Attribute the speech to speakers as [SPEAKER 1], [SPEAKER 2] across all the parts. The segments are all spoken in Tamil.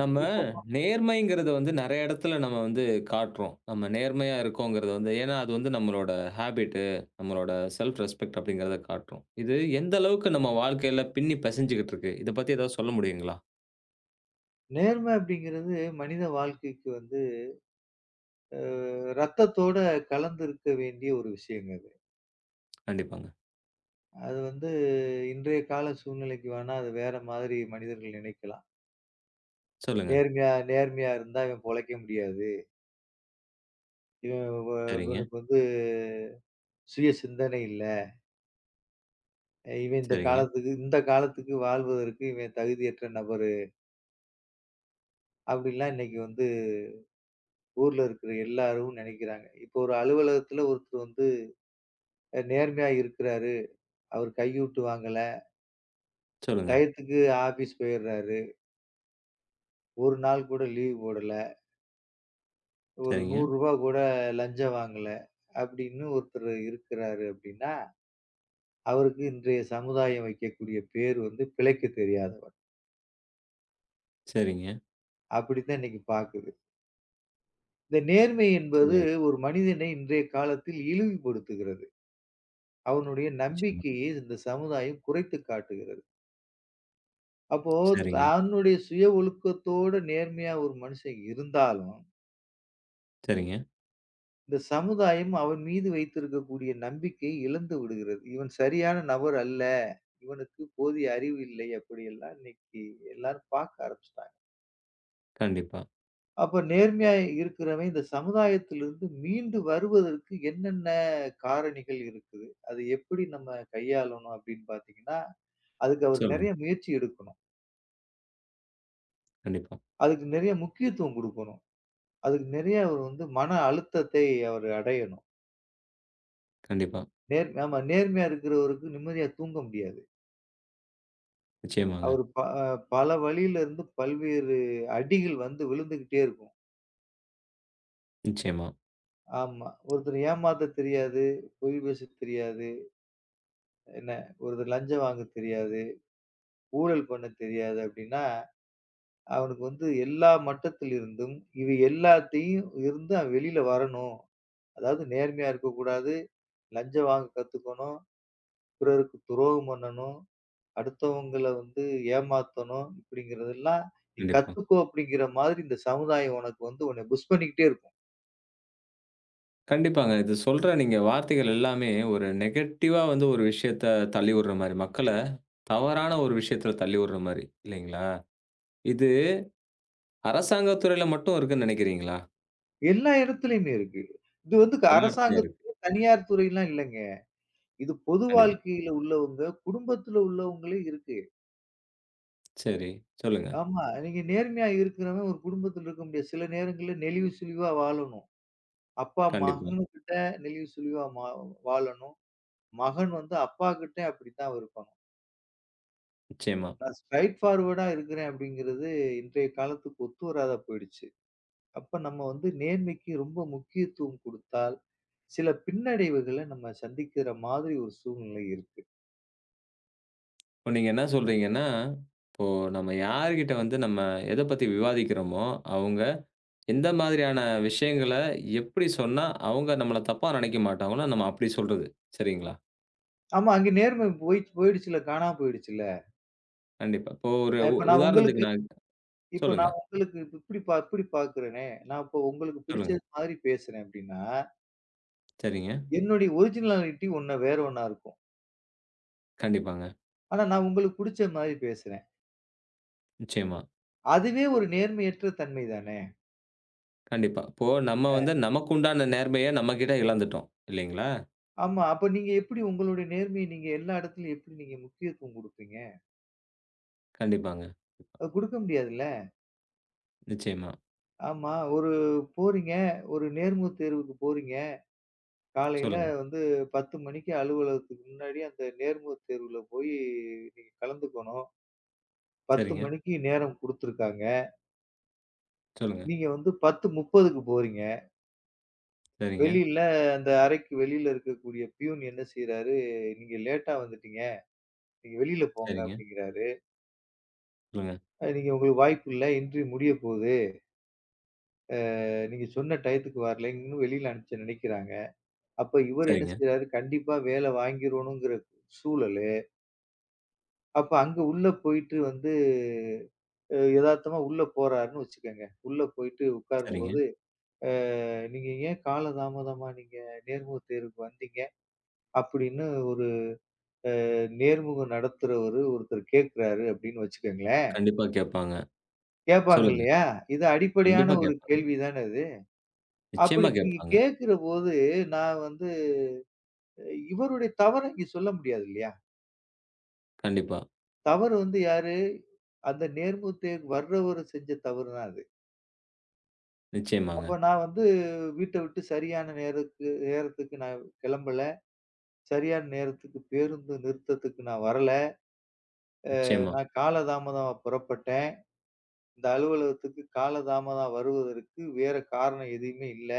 [SPEAKER 1] நம்ம
[SPEAKER 2] இப்போ பா
[SPEAKER 1] நேர்மைங்கிறத வந்து நெறைய எடத்துல நம்ம வந்து காட்டுறோம். நம்ம நேர்மையா இருக்கோங்கிறத வந்து, ஏன்னா அது வந்து நம்மளோட ஹாபிட்டு நம்மளோட ஸெல்ப் ரெஸ்பெக்ட் அப்படிங்கிறத காட்டும். இது எந்த அளவுக்கு நம்ம வாழ்க்கையில பின்னிப் பெசஞ்சிக்கிட்டு இருக்கு. இதப் பத்தி ஏதாவது சொல்ல முடியுங்களா?
[SPEAKER 2] நேர்ம அப்படிங்கறது மனித வாழ்க்கைக்கு வந்து அ ரத்தத்தோட கலந்து இருக்க வேண்டிய ஒரு விஷயங்க அது.
[SPEAKER 1] கண்டிப்பாங்க.
[SPEAKER 2] அது வந்து இன்றைய கால சூழ்நிலைக்கு வேனா அது வேற மாதிரி மனிதர்கள் நினைக்கலாம்.
[SPEAKER 1] சொல்லுங்க.
[SPEAKER 2] நேர்மையா நேர்மையா இருந்தா இவன் பொழைக்க முடியாது. இவ
[SPEAKER 1] சரிங்க.
[SPEAKER 2] இவனுக்கு வந்து சுய சிந்தனை இல்ல. இவன் இந்தக்
[SPEAKER 1] சரிங்க.
[SPEAKER 2] காலத்துக்கு இந்தக் காலத்துக்கு வாழ்வதற்கு இவன் தகுதியற்ற நபரு. அப்படிலாம் இன்னைக்கு வந்து ஊர்ல இருக்குற எல்லாரும் நனைக்கிறாங்க. இப்ப ஒரு அலுவலகத்துல ஒருத்தர் வந்து நேர்மையா இருக்குறாரு. அவர் கையூட்டு வாங்கல.
[SPEAKER 1] சொல்லுங்க.
[SPEAKER 2] டயத்துக்கு ஆப்பீஸ் போயிறாரு. 1 நாள் கூட லீவு போடல. ஒரு
[SPEAKER 1] சரிங்க.
[SPEAKER 2] 100 ரூவா கூட லஞ்சம் வாங்கல அப்டின்னு ஒருத்தர் இருக்குராறு. அப்டின்னா, அவருக்கு இன்றைய சமுதாயம் வைக்கக்கூடிய பெயர் வந்து பிழைக்கத் தெரியாதவன்.
[SPEAKER 1] சரிங்க.
[SPEAKER 2] அப்டி தான் இன்னைக்கு பாக்குது. இந்த நேர்மை என்பது
[SPEAKER 1] சரி.
[SPEAKER 2] ஒரு மனிதனை இன்றைய காலத்தில் இழிவுபடுத்துகிறது. அவனுடைய
[SPEAKER 1] நிச்சியமா.
[SPEAKER 2] நம்பிக்கையை இந்தச் சமுதாயம் குறைத்துக் காட்டுகிறது. அப்போ
[SPEAKER 1] சரிங்க.
[SPEAKER 2] தன்னுடைய சுய ஒழுக்கத்தோடு நேர்மையான ஒரு மனுஷன் இருந்தாலும்
[SPEAKER 1] சரிங்க.
[SPEAKER 2] இந்தச் சமுதாயம் அவன் மீது வைத்திருக்கக்கூடிய நம்பிக்கையை இழந்து விடுகிறது. இவன் சரியான நபர் அல்ல. இவனுக்குப் போதிய அறிவு இல்லை. அப்டி எல்லாம் இன்னைக்கு எல்லாரும் பார்க்க ஆரம்பிச்சுட்டாங்க.
[SPEAKER 1] கண்டிப்பா.
[SPEAKER 2] அப்ப நேர்மையா இருக்கிறவன் இந்த சமுதாயத்திலிருந்து மீண்டு வருவதற்கு என்னென்ன காரணிகள் இருக்குது? அதை எப்டி நம்ம கையாளணும் அப்டின்னு பாத்தீங்கன்னா, அதுக்கு அவர்
[SPEAKER 1] சொல்லுங்க.
[SPEAKER 2] நெறைய முயற்சி எடுக்கணும்.
[SPEAKER 1] கண்டிப்பா.
[SPEAKER 2] அதுக்கு நெறைய முக்கியத்துவம் குடுக்கணும். அதுக்கு நெறைய அவர் வந்து மன அழுத்தத்தை அவர் அடையணும்.
[SPEAKER 1] கண்டிப்பா.
[SPEAKER 2] நேர் ஆமா, நேர்மையா இருக்கிறவருக்கு நிம்மதியா தூங்க முடியாது.
[SPEAKER 1] நிச்சியமாங்க.
[SPEAKER 2] அவர் ப பல வழியிலருந்து பல்வேறு அடிக்கள் வந்து விழுந்துகிட்டே இருக்கும்.
[SPEAKER 1] நிச்சியமா.
[SPEAKER 2] ஆமா. ஒருத்தர் ஏமாத்த தெரியாது. பொய் பேசத் தெரியாது. என்ன ஒருத்தர் லஞ்சம் வாங்கத் தெரியாது. ஊழல் பண்ண தெரியாது அப்டின்னா, அவனுக்கு வந்து எல்லா மட்டத்தில் இருந்தும் இவை எல்லாத்தையும் இருந்து அவன் வெளியில வரணும். அதாவது நேர்மையா இருக்க கூடாது. லஞ்சம் வாங்கக் கத்துக்கணும். பிறருக்கு துரோகம் பண்ணனும். அடுத்தவங்கள வந்து ஏமாத்தணும். இப்டிங்கறது எல்லாம் நீ
[SPEAKER 1] கண்டிப்பா.
[SPEAKER 2] கத்துக்கோ அப்டிங்கிற மாரி இந்த சமுதாயம் உனக்கு வந்து உன்னை புஷ் பண்ணிக்கிட்டே இருக்கும்.
[SPEAKER 1] கண்டிப்பாங்க. இது சொல்ற நீங்க வார்த்தைகள் எல்லாமே ஒரு நெகட்டிவ்வ வந்து ஒரு விஷயத்த தள்ளி வுடுற மாரி, மக்கள தவறான ஒரு விஷயத்துல தள்ளி வுடுற மாரி இல்லீங்களா? இது அரசாங்கத் துறையில மட்டும் இருக்குன்னு நெனைக்கிறீங்களா?
[SPEAKER 2] எல்லா இடத்துலயுமே இருக்கு. இது வந்து க
[SPEAKER 1] எல்லா இடத்திலேயும்
[SPEAKER 2] அரசாங்க
[SPEAKER 1] இருக்கு.
[SPEAKER 2] தனியார் துறைலாம் இல்லைங்க. இது பொது
[SPEAKER 1] கண்டிப்பா.
[SPEAKER 2] வாழ்க்கையில உள்ளவங்க. குடும்பத்துல உள்ளவங்களே இருக்கு.
[SPEAKER 1] சரி, சொல்லுங்க.
[SPEAKER 2] ஆமா. நீங்க நேர்மையா இருக்குறவ ஒரு குடும்பத்தில இருக்க முடியாது. சில நேரங்கள்ல நெளிவு சுளிவா வாழணும். அப்பா
[SPEAKER 1] கண்டிப்பா.
[SPEAKER 2] மகன்கிட்ட நெளிவு சுளிவா மா வாழணும். மகன் வந்து அப்பாகிட்டே அப்படித்தான் இருப்பாங்க.
[SPEAKER 1] நிச்சயமா.
[SPEAKER 2] நான் ஸ்ட்ராயிட் பார்வொர்ட்டா இருக்கிறேன் அப்படிங்கறது இன்றைய காலத்துக்கு ஒத்து வராத போயிருச்சு. அப்போ நம்ம வந்து நேர்மைக்கு ரொம்ப முக்கியத்துவம் கொடுத்தால் சில பின்னடைவுகள நம்ம சந்திக்கிற மாதிரி ஒரு சூழ்நிலை இருக்கு.
[SPEAKER 1] இப்ப நீங்க என்ன சொல்றீங்கன்னா, இப்போ நம்ம யார்கிட்ட வந்து நாம எதப் பத்தி விவாதிக்கிறோமோ, அவுங்க எந்த மாதிரியான விஷயங்கள, எப்படி சொன்னா அவுங்க நம்மள தப்பா நினைக்க மாட்டாங்களோ, நம்ம அப்படி சொல்றது. சரிங்களா?
[SPEAKER 2] ஆமா. அங்கே நேர்மை போயிச்சு போயிடுச்சு. காணா போயிடுச்சுல்ல.
[SPEAKER 1] கண்டிப்பா. இப்போ ஒரு உ
[SPEAKER 2] அப்ப நான் உங்களுக்கு
[SPEAKER 1] உதாரணத்துக்கு நான்
[SPEAKER 2] இப்ப
[SPEAKER 1] சொல்லுங்க.
[SPEAKER 2] நான் உங்களுக்கு இப்படி பா இப்படி பார்க்குறனே. நான் இப்ப உங்களுக்குப் பிடிச்ச
[SPEAKER 1] [unintelligible]
[SPEAKER 2] மாரி பேசுறேன். அப்படின்னா
[SPEAKER 1] சரிங்க.
[SPEAKER 2] என்னோட ஒர்ஜினால்டி உன்ன வேற ஒண்ணா இருக்கும்.
[SPEAKER 1] கண்டிப்பாங்க.
[SPEAKER 2] ஆனா நான் உங்களுக்குப் புடிச்ச மாரி பேசுறன்.
[SPEAKER 1] நிச்சயமா.
[SPEAKER 2] அதுவே ஒரு நேர்மையற்ற தன்மை தானே!
[SPEAKER 1] கண்டிப்பா. இப்போ நம்ம
[SPEAKER 2] ஆ.
[SPEAKER 1] வந்து, நமக்குண்டான நேர்மைய நம்ம கிட்ட இழந்துட்டோம். இல்லைங்களா?
[SPEAKER 2] ஆமா. அப்போ நீங்க எப்டி உங்களுடைய நேர்மைய நீங்க எல்லா இடத்திலும் எப்படி நீங்க முக்கியத்துவம் குடுப்பீங்க?
[SPEAKER 1] கண்டிப்பாங்க.
[SPEAKER 2] அது குடுக்க முடியாது இல்ல.
[SPEAKER 1] நிச்சயமா.
[SPEAKER 2] ஆமா. ஒரு போறீங்க. ஒரு நேர்முகத் தேர்வுக்கு போறீங்க. காலைல
[SPEAKER 1] சொல்லுங்க.
[SPEAKER 2] வந்து 10:00 மணிக்கு அலுவலகத்துக்கு முன்னாடியே அந்த நேர்முகத் தேர்வுல போயி நீங்கக் கலந்துக்கணும். 10:00
[SPEAKER 1] சரிங்க.
[SPEAKER 2] மணிக்கு நேரம் குடுத்திருக்காங்க.
[SPEAKER 1] சொல்லுங்க.
[SPEAKER 2] நீங்க வந்து 10:30க்கு போறீங்க.
[SPEAKER 1] சரிங்க.
[SPEAKER 2] வெளியில அந்த அறைக்கு வெளியில இருக்கக்கூடிய பியூன் என்ன செய்றாரு? நீங்க லேட்டா வந்துட்டீங்க. நீங்க வெளியில போங்க
[SPEAKER 1] சரிங்க.
[SPEAKER 2] அப்படிங்கிறாரு.
[SPEAKER 1] சொல்லுங்க.
[SPEAKER 2] நீங்க உங்களுக்கு வாய்ப்பு இல்ல. இன்டர்வியூ முடியப்போகுது. ஆ, ஆ நீங்கச் சொன்ன டயத்துக்கு வரலைன்னு, வெளியில அனுப்ப நினைக்கிறாங்க. அப்ப இவரு என்ன
[SPEAKER 1] சரிங்க.
[SPEAKER 2] செஞ்சாரு? கண்டிப்பா வேல வாங்கிறணும்ங்கிற சூழலு. அப்ப அங்க உள்ள போயிட்டு வந்து, எதார்த்தமா உள்ள போறாருன்னு வச்சுக்கங்க. உள்ள போயிட்டு
[SPEAKER 1] சரிங்க.
[SPEAKER 2] உக்காரும்போது ஆ, நீங்க ஏன் கால தாமதமா நீங்க நேர்முகத் தேர்வுக்கு வந்தீங்க. அப்படின்னு ஒரு, அ நேர்முக நடத்துறவரு ஒருத்தர் கேக்குறாரு அப்படின்னு வச்சுக்கங்களேன்!
[SPEAKER 1] கண்டிப்பா கேட்பாங்க.
[SPEAKER 2] கேப்பாங்க
[SPEAKER 1] சொல்லுங்க.
[SPEAKER 2] இல்லையா? இது அடிப்படையான
[SPEAKER 1] கண்டிப்பா
[SPEAKER 2] ஒரு
[SPEAKER 1] கேட்பாங்க.
[SPEAKER 2] கேள்வி தானா இது? அப்படி
[SPEAKER 1] நிச்சயமா
[SPEAKER 2] நீங்க
[SPEAKER 1] கேட்பாங்க.
[SPEAKER 2] கேக்குறபோது நான் வந்து இவருடைய தவற இங்க சொல்ல முடியாது இல்லையா?
[SPEAKER 1] கண்டிப்பா.
[SPEAKER 2] தவறு வந்து யாரு அந்த நேர்முகத் தேர்வுக்கு வர்றவரு செஞ்ச தவறுதான் அது. அப்போ
[SPEAKER 1] நிச்சியமாங்க.
[SPEAKER 2] நான் வந்து வீட்ட விட்டு சரியான நேரக்கு நேரத்துக்கு நான் கிளம்பல. சரியான நேரத்துக்குப் பேருந்து நிறுத்தத்துக்கு நான் வரல. அ
[SPEAKER 1] நிச்சியமா.
[SPEAKER 2] நான் கால தாமதமாப் புறப்பட்டேன். இந்த அலுவலகத்துக்கு கால தாமதம் வருவதற்கு வேற காரணம் எதையுமே இல்ல.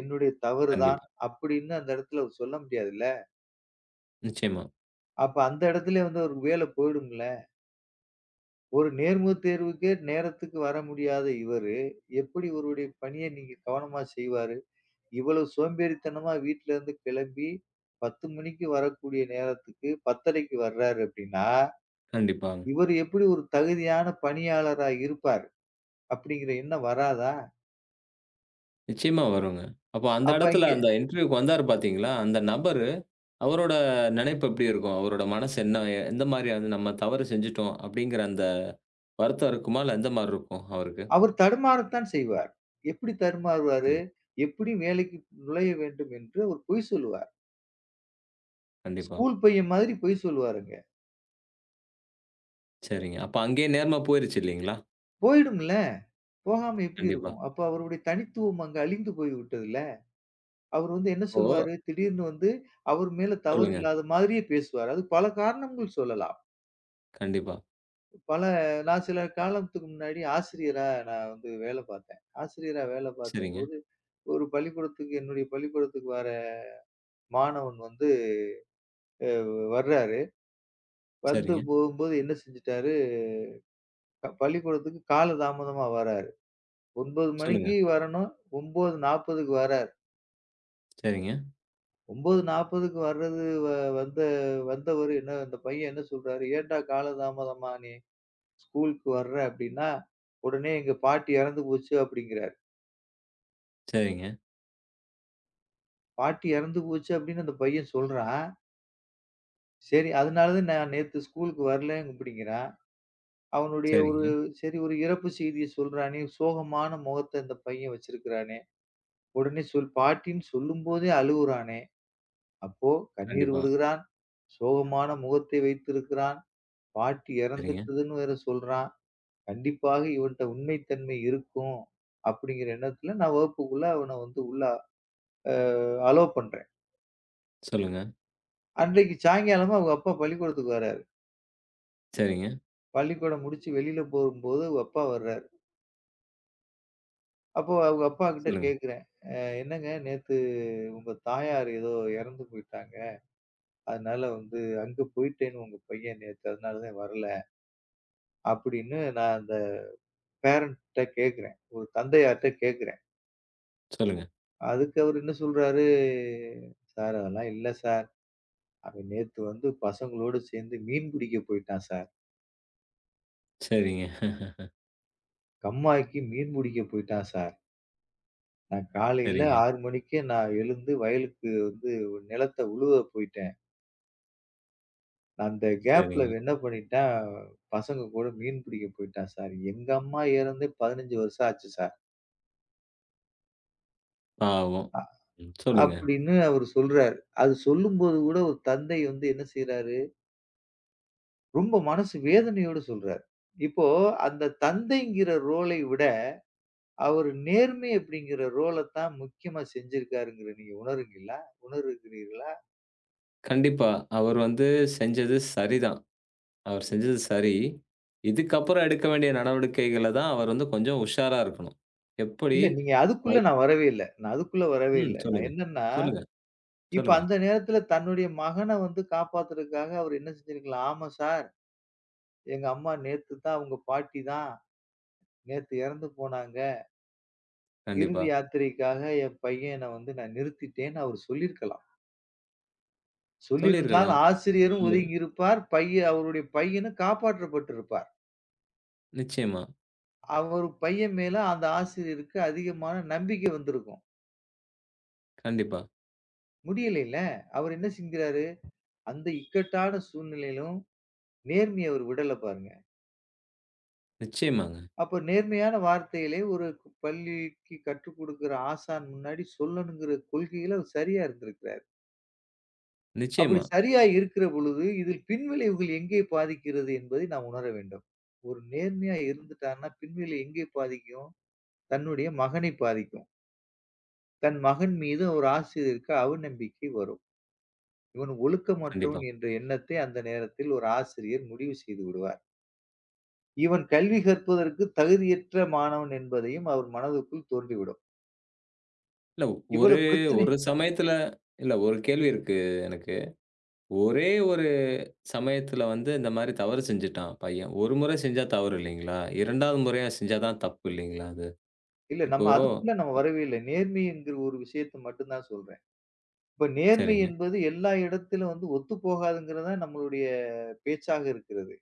[SPEAKER 2] என்னுடைய தவறு தான்
[SPEAKER 1] கண்டிப்பா.
[SPEAKER 2] அப்படின்னு அந்த இடத்துல சொல்ல முடியாது இல்ல.
[SPEAKER 1] நிச்சியமா.
[SPEAKER 2] அப்ப அந்த இடத்துலயும் வந்து ஒரு வேலை போயிடும்ல? ஒரு நேர்முகத் தேர்வுக்கே நேரத்துக்கு வர முடியாத இவரு எப்படி இவருடைய பணிய நீங்கக் கவனமா செய்வாரு? இவ்வளோ சோம்பேறித்தனமா வீட்ல இருந்து கிளம்பி 10 மணிக்கு வரக்கூடிய நேரத்துக்கு 10.30க்கு வர்றாரு அப்படின்னா,
[SPEAKER 1] கண்டிப்பாங்க.
[SPEAKER 2] இவரு எப்படி ஒரு தகுதியான பணியாளரா இருப்பார் அப்படிங்கிற எண்ணம் வராதா?
[SPEAKER 1] நிச்சியமா வருங்க. அப்ப அந்த
[SPEAKER 2] அப்ப
[SPEAKER 1] இடத்துல
[SPEAKER 2] அங்க
[SPEAKER 1] அந்த இன்டர்வியூ வந்தாரு பாத்தீங்களா? அந்த நபர் அவரோட நெனைப்பு எப்டி இருக்கும்? அவரோட மனசு என்ன? எந்த மாரியான நம்ம தவறு செஞ்சுட்டோம் அப்டிங்கிற அந்த வருத்தம் இருக்குமா? இல்ல எந்த மாரி இருக்கும் அவருக்கு?
[SPEAKER 2] அவர் தடுமாறத்தான் செய்வார். எப்படி தடுமாறுவாரு?
[SPEAKER 1] சரி.
[SPEAKER 2] எப்படி வேலைக்கு நுழைய வேண்டும் என்று அவர் பொய் சொல்லுவார்.
[SPEAKER 1] கண்டிப்பா.
[SPEAKER 2] ஸ்கூல் பையன் மாதிரி பொய் சொல்லுவாருங்க.
[SPEAKER 1] சரிங்க. அப்போது அங்கேயே நேரமா போயிருக்கு இல்லைங்களா?
[SPEAKER 2] போய்விடும் இல்லையா? போகாமல் எப்படி
[SPEAKER 1] கண்டிப்பா.
[SPEAKER 2] இருக்கும்? அப்போது அவருடைய தனித்துவம் அங்கே அழிந்து போய்விட்டது இல்லையா? அவர் வந்து என்ன சொல்லுவார்?
[SPEAKER 1] ஓ.
[SPEAKER 2] திடீர் என்று வந்து அவர் மேல் தவறு
[SPEAKER 1] சொல்லுங்க.
[SPEAKER 2] இல்லாத மாதிரியே பேசுவார். அதற்கு பல காரணங்கள் சொல்லலாம்.
[SPEAKER 1] கண்டிப்பா.
[SPEAKER 2] பல நான் சில காலத்துக்கு முன்னாடி ஆசிரியராக நான் வந்து வேலை பார்த்தேன். ஆசிரியராக வேலை
[SPEAKER 1] சரிங்க.
[SPEAKER 2] பார்க்கும்போது ஒரு பள்ளிக்கூடத்துக்கு என்னுடைய பள்ளிக்கூடத்துக்கு வருகிற மாணவன் வந்து அ வருகிறார். வந்து
[SPEAKER 1] சரிங்க.
[SPEAKER 2] போகும்போது என்ன செய்துட்டார்? பள்ளிக்கூடத்துக்கு காலம் தாமதமாக வருகிறார். 9 மணிக்கு
[SPEAKER 1] சொல்லுங்க.
[SPEAKER 2] வர வேண்டும். 9:40க்கு வருகிறார்.
[SPEAKER 1] சரிங்க.
[SPEAKER 2] 9:40க்கு வர்றது வந்த வந்தவரு இன்ன அந்தப் பையன் என்ன சொல்கிறார்? ஏன்டா காலம் தாமதமாக நீ ஸ்கூலுக்கு வருகிறாய் அப்படி என்றால், உடனே எங்கள் பாட்டி இறந்து போச்சு அப்படி என்கிறார்.
[SPEAKER 1] சரிங்க.
[SPEAKER 2] பாட்டி இறந்து போச்சு அப்படி என்று அந்தப் பையன் சொல்கிறான். சரி. அதனாலதான் நான் நேத்து ஸ்கூல்க்கு வரலை அப்படிங்கிறான். அவனுடைய ஒரு
[SPEAKER 1] சரிங்க.
[SPEAKER 2] சரி ஒரு இறப்புச் செய்தியைச் சொல்றானே. சோகமான முகத்த இந்தப் பையன் வச்சிருக்கிறானே! உடனே சொல் பாட்டின் சொல்லும்போதே அழுவுறானே. அப்போ கண்ணீர்
[SPEAKER 1] கண்டிப்பா.
[SPEAKER 2] விடுகிறான். சோகமான முகத்த வைத்திருக்கிறான். பாட்டி
[SPEAKER 1] சரிங்க.
[SPEAKER 2] இறந்துட்டதுன்னு வேற சொல்றான். கண்டிப்பாக இவன்ட உண்மை தன்மை இருக்கும், அப்படிங்கிற எண்ணத்துல நான் வகுப்புக்குள்ள அவன வந்து உள்ள அ அலோவ் பண்றேன்.
[SPEAKER 1] சொல்லுங்க.
[SPEAKER 2] அன்றைக்கு சாயங்காலமா அவங்க அப்பா பள்ளிக்கூடத்துக்கு வர்றாரு.
[SPEAKER 1] சரிங்க.
[SPEAKER 2] பள்ளிக்கூடம் முடிச்சு வெளியில போகும்போது அவங்க அப்பா வர்றாரு. அப்போ அவங்க அப்பா கிட்ட
[SPEAKER 1] சொல்லுங்க.
[SPEAKER 2] கேக்குறேன். அ என்னங்க நேத்து உங்க தாயார் ஏதோ இறந்து போயிட்டாங்க. அதனால வந்து அங்க போயிட்டேன்னு உங்க பையன் நேத்து அதனால வரல, அப்படின்னு நான் அந்தப் பேரண்ட்ட கேக்குறேன். ஒரு தந்தையார்ட்ட கேக்குறேன்.
[SPEAKER 1] சொல்லுங்க.
[SPEAKER 2] அதுக்கு அவரு என்ன சொல்றாரு? சார் அதெல்லாம் இல்ல சார். அவன் நேத்து வந்து பசங்களோட சேர்ந்து மீன் பிடிக்கப் போயிட்டான் சார்.
[SPEAKER 1] சரிங்க.
[SPEAKER 2] கம்மாக்கி மீன் புடிக்கப் போயிட்டான் சார். நான் காலையில
[SPEAKER 1] சரிங்க.
[SPEAKER 2] 6 மணிக்கு நான் எழுந்து வயலுக்கு வந்து ஒரு நிலத்த உழுவ போயிட்டேன். அந்த கேப்ல
[SPEAKER 1] சரிங்க.
[SPEAKER 2] அவன் என்ன பண்ணிட்டான், பசங்க கூட மீன் பிடிக்கப் போயிட்டான் சார். எங்க அம்மா எறந்தே 15 வருஷம் ஆச்சு சார்
[SPEAKER 1] பாவோ.
[SPEAKER 2] அ
[SPEAKER 1] ம், சொல்லுங்க.
[SPEAKER 2] அப்படின்னு அவரு சொல்றாரு, அது சொல்லும்போது கூட ஒரு தந்தை வந்து என்ன செய்றாரு? ரொம்ப மனசு வேதனையோடு சொல்றார். இப்போ அந்தத் தந்தைங்கிற ரோலை விட அவர் நேர்மை அப்படிங்கிற ரோலத் தான் முக்கியமா செஞ்சிருக்காருங்கறது நீங்க உணருகிறீர்களா உணருகிறீர்களா?
[SPEAKER 1] கண்டிப்பா அவர் வந்து செஞ்சது சரிதான். அவர் செஞ்சது சரி, இதுக்கப்புறம் எடுக்க வேண்டிய நடவடிக்கைகளதான் அவர் வந்து கொஞ்சம் உஷாரா இருக்கணும். எப்படி
[SPEAKER 2] இல்ல நீங்க அதுக்குள்ள
[SPEAKER 1] பை
[SPEAKER 2] நான் வரவே இல்ல. நான் அதுக்குள்ள வரவே
[SPEAKER 1] ம்
[SPEAKER 2] இல்ல. நான்
[SPEAKER 1] சொல்லுங்க.
[SPEAKER 2] என்னன்னா,
[SPEAKER 1] சொல்லுங்க.
[SPEAKER 2] இப்ப
[SPEAKER 1] சொல்லுங்க.
[SPEAKER 2] அந்த நேரத்துல தன்னுடைய மகன வந்து காப்பாத்துறதுக்காக அவரு என்ன செஞ்சிருக்கலாம். ஆமா சார். எங்க அம்மா நேத்துதான், அவுங்க பாட்டிதான் நேத்து எறந்து போனாங்க. இறுதி
[SPEAKER 1] கண்டிப்பா.
[SPEAKER 2] யாத்திரைக்காக என் பையன வந்து நான் நிறுத்திட்டேன்னு அவரு சொல்லி இருக்கலாம். சொல்லி
[SPEAKER 1] சொல்லி
[SPEAKER 2] இருந்தால்
[SPEAKER 1] இருக்கலாம்.
[SPEAKER 2] ஆசிரியரும்
[SPEAKER 1] ம்.
[SPEAKER 2] ஒதுங்கி இருப்பார். பையன் அவருடைய பையனும் காப்பாற்றப்பட்டு இருப்பார்.
[SPEAKER 1] நிச்சயமா.
[SPEAKER 2] அவர் பையன் மேல அந்த ஆசிரியருக்கு அதிகமான நம்பிக்கை வந்திருக்கும்.
[SPEAKER 1] கண்டிப்பா.
[SPEAKER 2] முடியலங்களே அவர் என்ன செய்கிறாரு. அந்த இக்கட்டான சூழ்நிலையிலும் நேர்மைய அவர் விடல பாருங்க.
[SPEAKER 1] நிச்சயமாங்க.
[SPEAKER 2] அப்போ நேர்மையான வார்த்தைகளை ஒரு பள்ளிக்கு கற்றுக்கொடுக்கிற ஆசான் முன்னாடி சொல்லணுங்கிற கொள்கையில அவர் சரியா இருந்திருக்கிறார். அப்படி
[SPEAKER 1] நிச்சயமா.
[SPEAKER 2] சரியா இருக்கிற பொழுது இதில் பின் விளைவுகள் எங்கே பாதிக்கிறது என்பதை நாம் உணர வேண்டும். ஒரு நேர்மையா இருந்துட்டான்னா பின்விளைவு எங்கே பாதிக்கும்? தன்னுடைய மகனை பாதிக்கும். தன் மகன் மீது ஒரு ஆசிரியருக்கு அவநம்பிக்கை வரும். இவன் ஒழுக்கமற்றவன்
[SPEAKER 1] கண்டிப்பா.
[SPEAKER 2] என்ற எண்ணத்தை அந்த நேரத்தில் ஒரு ஆசிரியர் முடிவு செய்துவிடுவார். இவன் கல்வி கற்பதற்கு தகுதியற்ற மாணவன் என்பதையும் அவர் மனதுக்குள் தோன்றி விடும்.
[SPEAKER 1] இல்லை ஒரே
[SPEAKER 2] இவ்வளவு பிரச்சனை
[SPEAKER 1] ஒரு சமயத்தில் இல்லை ஒரு கேள்வி இருக்கு எனக்கு. ஒரே ஒரு சமயத்தில் வந்து இந்த மாதிரி தவறு செய்துவிட்டான் பையன். ஒரு முறை செய்தால் தவறு இல்லையா? 2ஆம் முறையாக செய்தால்தான் தப்பு இல்லையா அது.
[SPEAKER 2] இல்லை
[SPEAKER 1] இப்போ
[SPEAKER 2] நம்ம அதுக்குள்ளே நம்ம வரவே இல்லை. நேர்மை என்கிற ஒரு விஷயத்தை மட்டும்தான் சொல்றேன். இப்போ நேர்மை
[SPEAKER 1] சரிங்க.
[SPEAKER 2] என்பது எல்லா இடத்திலும் வந்து ஒத்துப்போகாது என்கிறதுதான் நம்மளுடைய பேச்சாக இருக்கிறது.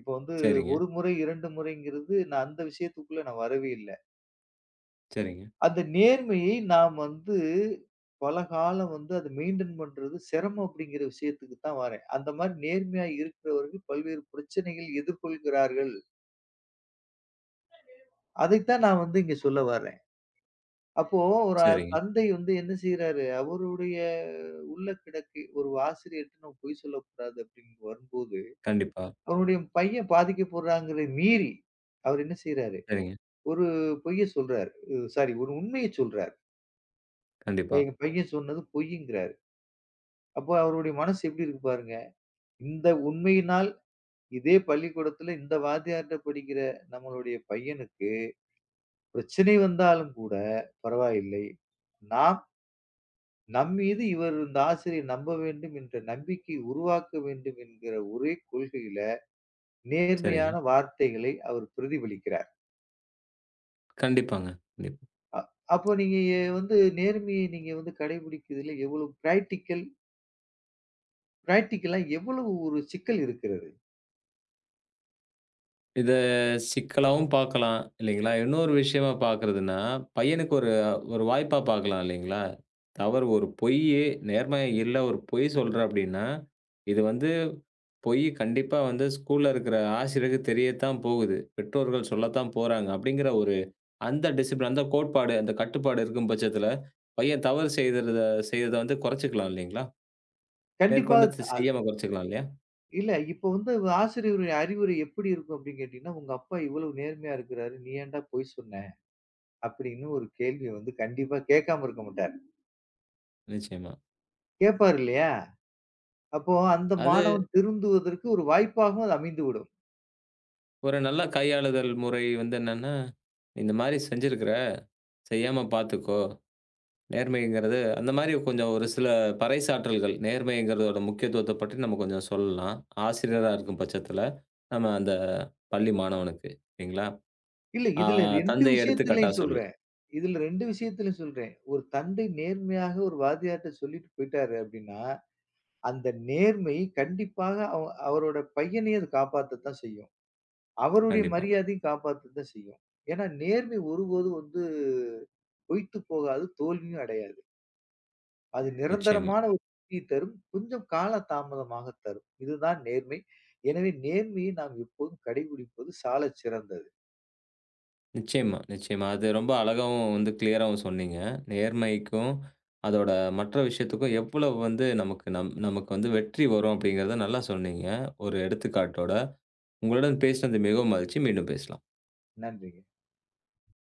[SPEAKER 2] இப்போ வந்து
[SPEAKER 1] சரிங்க.
[SPEAKER 2] 1 முறை 2 முறை என்கிறது. நான் அந்த விஷயத்துக்குள்ளே நான் வரவே இல்லை.
[SPEAKER 1] சரிங்க.
[SPEAKER 2] அந்த நேர்மையை நாம் வந்து பல காலம் வந்து அதை மெயின்டைன் பண்றது சிரமம் அப்படின்கிற விஷயத்துக்கு தான் வரேன். அந்த மாதிரி நேர்மையாக இருக்கிறவர்கள் பல்வேறு பிரச்சனைகள் எதிர்கொள்கிறார்கள். அதைத்தான் நான் வந்து இங்கே சொல்ல வரேன். அப்போ ஒரு
[SPEAKER 1] சரிங்க.
[SPEAKER 2] தந்தை வந்து என்ன செய்றாரு? அவருடைய உள்ளக்கிடக்கு. ஒரு ஆசிரியரிடம் பொய் சொல்லக் கூடாது அப்படி என்று வரும்போது
[SPEAKER 1] கண்டிப்பா.
[SPEAKER 2] அவருடைய பையன் பாதிக்கப்படுறான் என்கிறதை மீறி அவர் என்ன செய்றாரு?
[SPEAKER 1] சரிங்க.
[SPEAKER 2] ஒரு பொய்யை சொல்றாரு. சாரி ஒரு உண்மையைச் சொல்றாரு.
[SPEAKER 1] கண்டிப்பா.
[SPEAKER 2] எங்க பையன் சொன்னது பொய்யிங்கிறாரு. அப்போ, அவருடைய மனசு எப்படி இருக்கு பாருங்க. இந்த உண்மையினால், இதே பள்ளிக்கூடத்துல இந்த வாத்தியாரிட்ட படிக்கிற நம்மளுடைய பையனுக்கு, பிரச்சனை வந்தாலும் கூடப் பரவாயில்லை. ந நாம் மீது இவர், இந்த ஆசிரியர் நம்ப வேண்டும் என்ற நம்பிக்கை உருவாக்க வேண்டும் என்கிற ஒரே கொள்கையில
[SPEAKER 1] சரிங்க.
[SPEAKER 2] நேர்மையான வார்த்தைகளை அவர் பிரதிபலிக்கிறார்.
[SPEAKER 1] கண்டிப்பாங்க, [unintelligible]
[SPEAKER 2] அ அப்ப நீங்க வந்து நேர்மைய நீங்க வந்து கடைபிடிக்குறதுல எவ்வளவு ப்ரேக்டிக்கல் ப்ரேக்டிக்கலா எவ்வளவு ஒரு சிக்கல் இருக்கிறது?
[SPEAKER 1] இத சிக்கலாவும் பாக்கலாம், இல்லைங்களா? இன்னொரு விஷயமா பாக்குறதுன்னா, பையனுக்கு ஒரு ஒரு வாய்ப்பா பாக்கலாம் இல்லைங்களா? அவர் ஒரு பொய்யி நேர்மை இல்ல ஒரு பொய் சொல்ற அப்படின்னா இது வந்து பொய் கண்டிப்பா வந்து ஸ்கூல்ல இருக்கிற ஆசிரியருக்கு தெரியத்தான் போகுது. பெற்றோர்கள் சொல்லத்தான் போறாங்க, அப்படிங்கிற ஒரு அந்த டிஸிப்லின் அந்த கோட்பாடு, அந்த கட்டுப்பாடு இருக்கும் பட்சத்துல, பையன் தவறு செய்யர்த செய்தத வந்து கொரச்சுக்கலாம் இல்லீங்களா?
[SPEAKER 2] கண்டிப்பா
[SPEAKER 1] மேற்கொண்டு ச
[SPEAKER 2] தா
[SPEAKER 1] செய்யாம கொரச்சுக்கலாம், இல்லையா?
[SPEAKER 2] இல்லை, இப்போ வந்து ஆசிரியரின் அறிவுரை எப்படி இருக்கும் அப்படி என்று கேட்டீங்க என்றால், உங்க அப்பா இவ்வளவு நேர்மையாக இருக்கிறார், நீ ஏன்டா பொய் சொன்ன? அப்படி என்று ஒரு கேள்வியை வந்து கண்டிப்பாக கேட்காமல் இருக்க மாட்டாரு.
[SPEAKER 1] நிச்சயமா.
[SPEAKER 2] கேட்பார் இல்லையா? அப்போ அந்த
[SPEAKER 1] அது
[SPEAKER 2] மாணவன் திருந்துவதற்கு ஒரு வாய்ப்பாகவும் அது அமைந்துவிடும்.
[SPEAKER 1] ஒரு நல்ல கையாளுதல் முறை வந்து என்ன என்றால் இந்த மாதிரி செய்திருக்கிற செய்யாமல் பார்த்துக்கோ. நேர்மை என்கிறது அந்த மாதிரி கொஞ்சம் ஒரு சில பறைசாற்றல்கள், நேர்மை என்கிறதோட முக்கியத்துவத்தைப் பற்றி நம்ம கொஞ்சம் சொல்லலாம், ஆசிரியராக இருக்கும் பட்சத்தில் நாம அந்தப் பள்ளி மாணவனுக்கு. சரிங்களா?
[SPEAKER 2] இல்லை
[SPEAKER 1] ஆ,
[SPEAKER 2] இதில் ரெண்டு
[SPEAKER 1] தந்தை எடுத்துக் காட்டாக
[SPEAKER 2] விஷயத்திலும்
[SPEAKER 1] சொல்லு
[SPEAKER 2] சொல்றேன். இதில் ரெண்டு விஷயத்திலும் சொல்றேன். ஒரு தந்தை நேர்மையாக ஒரு வாத்தியார் கிட்ட சொல்லிவிட்டு போய்விட்டார் அப்படி என்றால் அந்த நேர்மை கண்டிப்பாக அவ் அவரோட பையனையும் அது காப்பாற்றத்தான் செய்யும். அவருடைய
[SPEAKER 1] கண்டிப்பா.
[SPEAKER 2] மரியாதையும் காப்பாற்றத்தான் செய்யும். ஏன் என்றால் நேர்மை ஒருபோதும் வந்து போய்விட்டு போகாது, தோல்வியும் அடையாது. அது
[SPEAKER 1] நிச்சயமா.
[SPEAKER 2] நிரந்தரமான [unintelligible] தரும், கொஞ்சம் கால தாமதமாகத் தரும். இதுதான் நேர்மை. எனவே நேர்மையை நாம் எப்போதும் கடைபிடிப்பது சாலச்சிறந்தது.
[SPEAKER 1] நிச்சயமாக, நிச்சயமாக அது ரொம்ப அழகாகவும் வந்து க்ளியராவும் சொன்னீங்க. நேர்மைக்கும் அதோட மற்ற விஷயத்துக்கும் எவ்வளவோ வந்து நமக்கு நம் நமக்கு வந்து வெற்றி வரும் அப்படி என்கிறதை நல்லாக சொன்னீங்க, ஒரு எடுத்துக்காட்டோட. உங்களுடன் பேசியது மிகவும் மகிழ்ச்சி, மீண்டும் பேசலாம்.
[SPEAKER 2] நன்றிங்க.